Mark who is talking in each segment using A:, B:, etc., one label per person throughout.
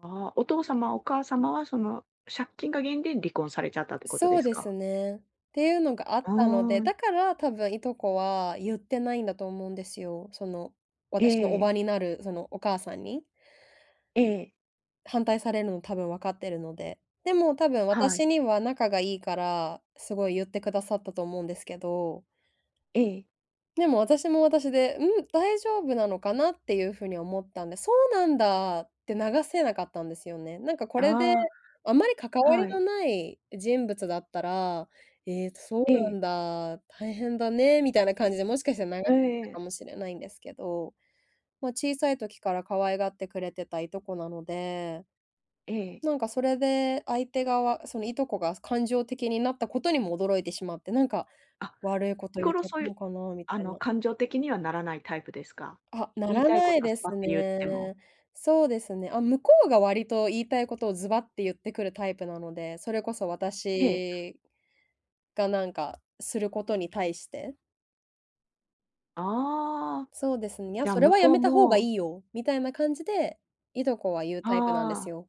A: ああ、お父様お母様はその借金が原因で離婚されちゃったってこと
B: そ
A: で
B: う
A: す
B: です
A: か？
B: ね。っていうのがあっ
A: あ
B: たので、
A: あ。
B: だから多分いとこはゆってないんだと思うんですよ。その、
A: え
B: 私の叔母
A: え。
B: になるそのお母さんに。
A: ええ。
B: 反対されるの多分、分かってるので、でも多分
A: はい。
B: 私には仲がいいから、すごいゆってくださったと思うんですけど。
A: ええ。
B: でも私も私で、「うん？大丈夫なのかな？」っていう風に思ったんで、「そうなんだ」って流せなかったんですよね。なんかこれで、
A: あ
B: あまり関
A: あ、
B: わり
A: は
B: の
A: い。
B: ない人物だったら、「ええ、そ
A: え
B: うな
A: え。
B: んだ、大変だね」みたいな感じでもしかしたら流せ
A: え
B: てたか
A: え。
B: もしれないんですけど、まあ小さい時から可愛がってくれてた、いとこなので。
A: ええ。
B: なんかそれで、相手側そのいとこが感情的になったことにも驚いてしまって、なんか、
A: あ、
B: 「悪いこと
A: 日
B: ゆっ
A: 頃
B: ちゃっ
A: そ
B: た
A: うい
B: の
A: う
B: かな」み
A: あ
B: たい
A: の
B: な。
A: 感情的にはならないタイプですか？
B: あ、な
A: 言い
B: ら
A: たいこ
B: ない
A: とはス
B: で
A: パッ
B: す
A: とゆっても。
B: ね。そうですね。あ、向こうが割と言いたいことをズバってゆってくるタイプなので、それこそ
A: ええ。
B: 私がなんか、することに対して。
A: ああ、
B: そうですね、「いや、
A: じゃ
B: それ
A: 向
B: はや
A: こう
B: めた方が
A: も
B: いいよ」みたいな感じで、いとこは言うタイプなんで
A: は
B: す
A: あ。
B: よ。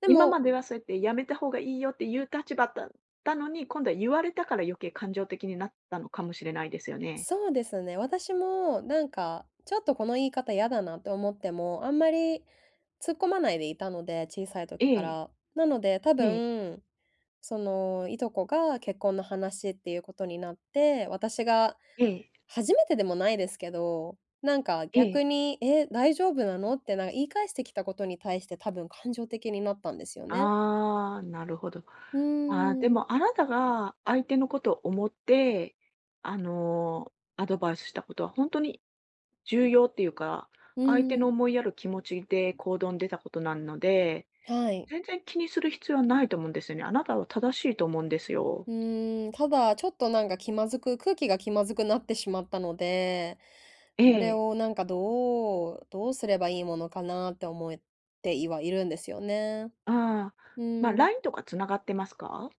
B: で
A: 今
B: も
A: まではそうやって「やめた方がいいよ」って言う立場だったのに、今度は言われたから余計、感情的になったのかもしれないですよね。
B: そうですね、私もなんかちょっとこの言い方嫌だなって思っても、あんまり、突っ込まないでいたので、小さい
A: え
B: 時か
A: え。
B: ら。なので、多
A: ええ。
B: 分、そのいとこが結婚の話っていうことになって、私が、
A: ええ。
B: 初めてでもないですけど、なんか
A: え
B: 逆
A: え。
B: に、「え、大丈夫なの？」ってなんか言い返してきたことに対して多分、感情的になったんですよね。
A: ああ、なるほど。
B: う
A: ああ、で
B: ーん。
A: もあなたが相手のことを思って、あのアドバイスしたことはほんとに重要っていうか、
B: う
A: 相手
B: ー
A: の
B: ん。
A: 思いやる気持ちで
B: うん。
A: 行動に出たことなので、
B: はい。
A: 全然気にする必要はないと思うんですよね。あなたは正しいと思うんですよ。
B: うーん、ただ、ちょっとなんか気まずく空気が気まずくなってしまったので、
A: え
B: それ
A: え。
B: をなんかどうどうすればいいものかなって思ってはいるんですよね。
A: ああ。
B: う
A: ま、
B: ーん。
A: LINE とか繋がってますか？